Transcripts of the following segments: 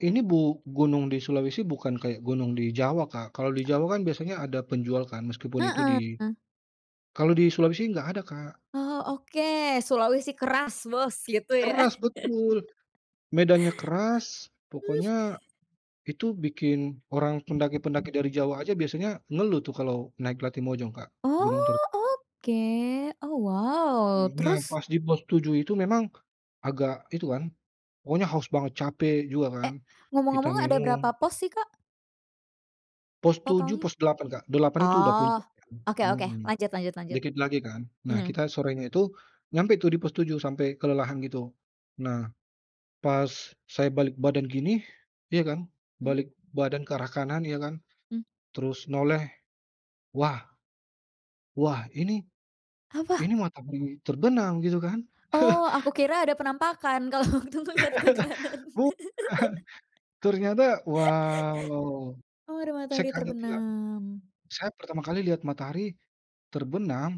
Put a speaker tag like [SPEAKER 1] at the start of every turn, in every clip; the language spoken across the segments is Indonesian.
[SPEAKER 1] Ini bu gunung di Sulawesi bukan kayak gunung di Jawa, Kak. Kalau di Jawa kan biasanya ada penjual kan, meskipun itu di
[SPEAKER 2] Heeh.
[SPEAKER 1] kalau di Sulawesi nggak ada, Kak.
[SPEAKER 2] Oh oke, Sulawesi keras, bos, gitu ya.
[SPEAKER 1] Keras, betul. Medannya keras, pokoknya itu bikin orang pendaki-pendaki dari Jawa aja biasanya ngeluh tuh kalau naik Latimojong, Kak, gunung ter
[SPEAKER 2] Oh oke! Oh wow,
[SPEAKER 1] Karena
[SPEAKER 2] terus?
[SPEAKER 1] pas di pos 7 itu memang agak itu kan, pokoknya haus banget, capek juga
[SPEAKER 2] E
[SPEAKER 1] kan, kita
[SPEAKER 2] ngomong-ngomong ada berapa
[SPEAKER 1] minum.
[SPEAKER 2] pos sih, Kak
[SPEAKER 1] Pos 7,
[SPEAKER 2] Totalnya?
[SPEAKER 1] pos 8, Kak. 8 itu udah
[SPEAKER 2] Oh
[SPEAKER 1] puncak kan.
[SPEAKER 2] oke oke,
[SPEAKER 1] Mhm,
[SPEAKER 2] lanjut lanjut lanjut.
[SPEAKER 1] dikit lagi kan. Nah,
[SPEAKER 2] Eneng.
[SPEAKER 1] kita sorenya itu nyampe tuh di pos 7, sampai kelelahan gitu. Nah, pas saya balik badan gini, ya kan,
[SPEAKER 2] Mmm.
[SPEAKER 1] balik badan ke arah kanan ya kan,
[SPEAKER 2] Mmm.
[SPEAKER 1] terus noleh. Wah, wah ini,
[SPEAKER 2] Apa?
[SPEAKER 1] ini matahari terbenam gitu kan.
[SPEAKER 2] Oh, aku kira ada penampakan, kalau waktu ngelihat ke kanan.
[SPEAKER 1] Bukan. Ternyata wah wah wah.
[SPEAKER 2] Oh, ada
[SPEAKER 1] Saya
[SPEAKER 2] matahari
[SPEAKER 1] kaget tuh, Kak.
[SPEAKER 2] terbenam.
[SPEAKER 1] Saya pertama kali lihat matahari terbenam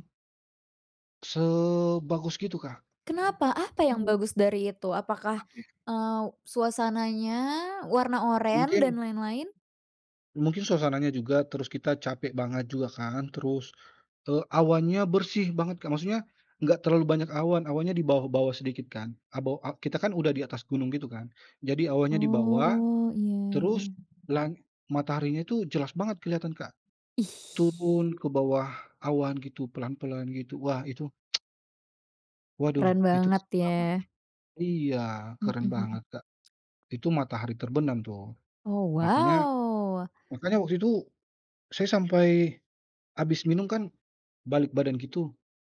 [SPEAKER 1] sebagus gitu Kak.
[SPEAKER 2] Kenapa? Apa yang
[SPEAKER 1] [unintelligible]
[SPEAKER 2] bagus dari itu? Apakah,
[SPEAKER 1] Apa ya
[SPEAKER 2] eee, suasananya warna oren dan
[SPEAKER 1] mungkin
[SPEAKER 2] lain-lain?
[SPEAKER 1] mungkin suasananya juga, terus kita capek banget juga kan. Terus, eee, awannya bersih banget, Kak. Maksudnya nggak terlalu banyak awan, awannya di bawah-bawah sedikit kan. Abe a kita kan udah di atas gunung gitu kan, jadi awannya di bawah.
[SPEAKER 2] Oh iya.
[SPEAKER 1] Terus lang mataharinya tuh jelas banget kelihatan, Kak,
[SPEAKER 2] Ih.
[SPEAKER 1] turun ke bawah awan gitu, pelan-pelan gitu. Wah itu waduh
[SPEAKER 2] Keren
[SPEAKER 1] itu
[SPEAKER 2] banget
[SPEAKER 1] [unintelligible]
[SPEAKER 2] ya.
[SPEAKER 1] banget. Iya,
[SPEAKER 2] Mhm
[SPEAKER 1] keren
[SPEAKER 2] mhm.
[SPEAKER 1] banget, Kak, itu matahari terbenam tuh.
[SPEAKER 2] Oh
[SPEAKER 1] Makanya
[SPEAKER 2] wow.
[SPEAKER 1] makanya waktu itu saya sampai habis minum kan, balik badan gitu.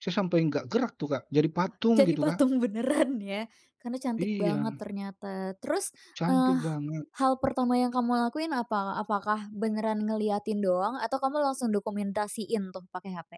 [SPEAKER 1] Saya sampai nggak gerak tuh, Kak, jadi
[SPEAKER 2] Wah,
[SPEAKER 1] patung
[SPEAKER 2] jadi
[SPEAKER 1] gitu, Kak.
[SPEAKER 2] patung beneran ya karena cantik banget
[SPEAKER 1] Iya.
[SPEAKER 2] ternyata. Terus, eee,
[SPEAKER 1] Cantik banget.
[SPEAKER 2] hal pertama yang kamu lakuin apa? Apakah beneran ngeliatin doang, atau kamu langsung dokumentasiin tuh pake HP?